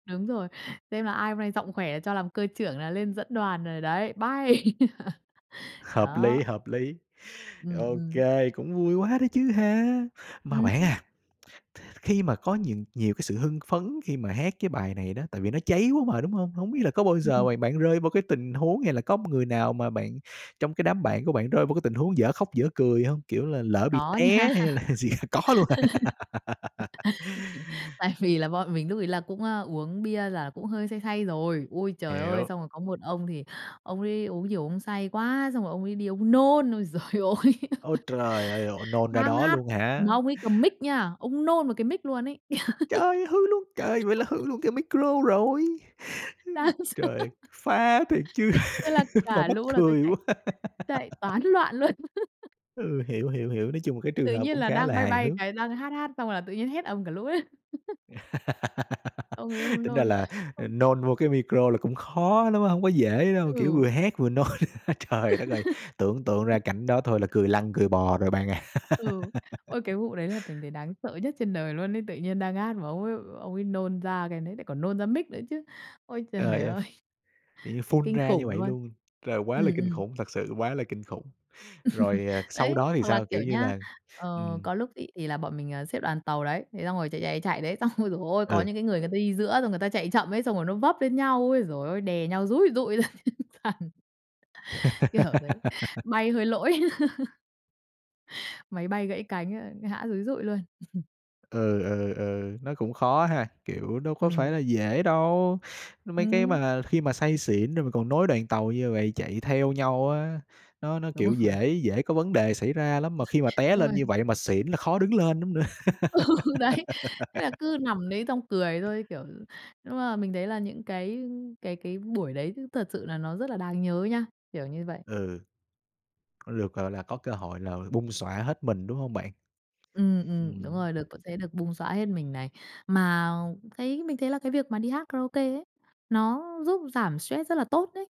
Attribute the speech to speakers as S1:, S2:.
S1: Đúng rồi, xem là ai hôm nay giọng khỏe cho làm cơ trưởng là lên dẫn đoàn rồi đấy. Bay!
S2: Hợp lý,
S1: Đó.
S2: hợp lý.
S1: Ừm,
S2: Ô
S1: ừm.
S2: kê, cũng vui quá đó chứ ha. Mà bạn
S1: Ừm.
S2: à, th khi mà có những nhiều cái sự hưng phấn khi mà hát cái bài này đó, tại vì nó cháy quá mà, đúng hông? Hông biết là có bao giờ
S1: Ừm.
S2: mà bạn rơi vô cái tình huống hay là có người nào mà bạn trong cái đám bạn của bạn rơi vô cái tình huống dở khóc dở cười hông? Kiểu là lỡ bị
S1: Có nha.
S2: té hay là gì có luôn à?
S1: Tại vì là bọn mình lúc ấy là cũng, ơ, uống bia là cũng hơi say say rồi. Ôi trời ơi!
S2: Hiểu.
S1: Xong rồi có một ông thì ông ấy uống nhiều ông say quá, xong rồi ông ấy đi ông nôn. Ôi giời ôi!
S2: Ôi trời ơi! Ồ, nôn ra
S1: Đang
S2: đó
S1: hát,
S2: luôn hả?
S1: mà ông ấy cầm mic nha, ông nôn vào cái mic luôn ấy.
S2: Trời, hư luôn! Trời, vậy là hư luôn cái micro rồi!
S1: Đáng sợ!
S2: Trời, phá thiệt chứ,
S1: Thế là
S2: mà
S1: cả
S2: mắc
S1: lũ là thôi
S2: cười
S1: chạy,
S2: quá!
S1: chạy toán loạn luôn.
S2: Ừ, hiểu, hiểu, hiểu, nói chung là cái trường
S1: Tự
S2: hợp
S1: nhiên
S2: cũng
S1: là
S2: khá
S1: đang
S2: là
S1: bay
S2: hài
S1: bay
S2: hước.
S1: cái, đang hát hát xong rồi là tự nhiên hét ầm cả lũ lên. Ông ấy ông
S2: Tính ra
S1: nôn.
S2: là, ờ,
S1: Ơ.
S2: nôn vô cái micro là cũng khó lắm á, hông có dễ đâu, kiểu, vừa
S1: Ừ.
S2: hét vừa nôn, trời đất ơi! Tưởng tượng ra cảnh đó thôi là cười lăn cười bò rồi bạn à.
S1: Ừ. Ôi, cái vụ đấy là mình thấy đáng sợ nhất trên đời luôn ấy, tự nhiên đang hát mà ông ấy ông ấy nôn ra cái đấy, lại còn nôn ra mic nữa chứ. Ôi trời
S2: Trời ơi! Ph
S1: ơi!
S2: kiểu như
S1: Thấy
S2: phun
S1: kinh
S2: ra như
S1: khủng
S2: vậy
S1: luôn!
S2: luôn. Trời, quá là
S1: Ừm,
S2: kinh
S1: ừm.
S2: khủng, thật sự quá là kinh khủng! Rồi, ờ, sau
S1: Đấy,
S2: đó thì
S1: hoặc là
S2: sao?
S1: kiểu
S2: Kiểu như
S1: nhá,
S2: là
S1: ờ,
S2: ừm.
S1: có lúc ấy thì là bọn mình, ờ, xếp đoàn tàu đấy, thế xong rồi chạy, chạy, chạy, chạy đấy, xong ôi giời ôi, có
S2: Ừ.
S1: những cái người người ta đi giữa xong người ta chạy chậm ấy, xong rồi nó vấp lên nhau, ôi giời ơi, đè nhau dúi dùi dụi ra trên sàn, kiểu thế. Bay hơi lỗi. Máy bay gãy cánh, a, ngã dúi dụi luôn.
S2: Ừ, ừ, ừ, nó cũng khó ha, kiểu, đâu có phải
S1: Ừm.
S2: là dễ đâu, mấy cái
S1: Ừm.
S2: mà khi mà say xỉn rồi mình còn nối đoàn tàu như vậy chạy theo nhau á, nó nó,
S1: Đúng
S2: kiểu,
S1: rồi.
S2: dễ dễ có vấn đề xảy ra lắm, mà khi mà té
S1: Đúng rồi.
S2: lên như vậy mà xỉn là khó đứng lên lắm nữa.
S1: Ừ, đấy, thế là cứ nằm đấy xong cười thôi, kiểu, nhưng mà mình thấy là những cái cái cái buổi đấy thật sự là nó rất là đáng nhớ nha, kiểu như vậy.
S2: Ừ. Có được, gọi là, có cơ hội là bung xõa hết mình, đúng hông bạn?
S1: Ừm, ừm, đúng
S2: Ừm.
S1: rồi, được có thể được bung xõa hết mình này. Mà thấy mình thấy là cái việc mà đi hát karaoke ấy, nó giúp giảm stress rất là tốt đấy.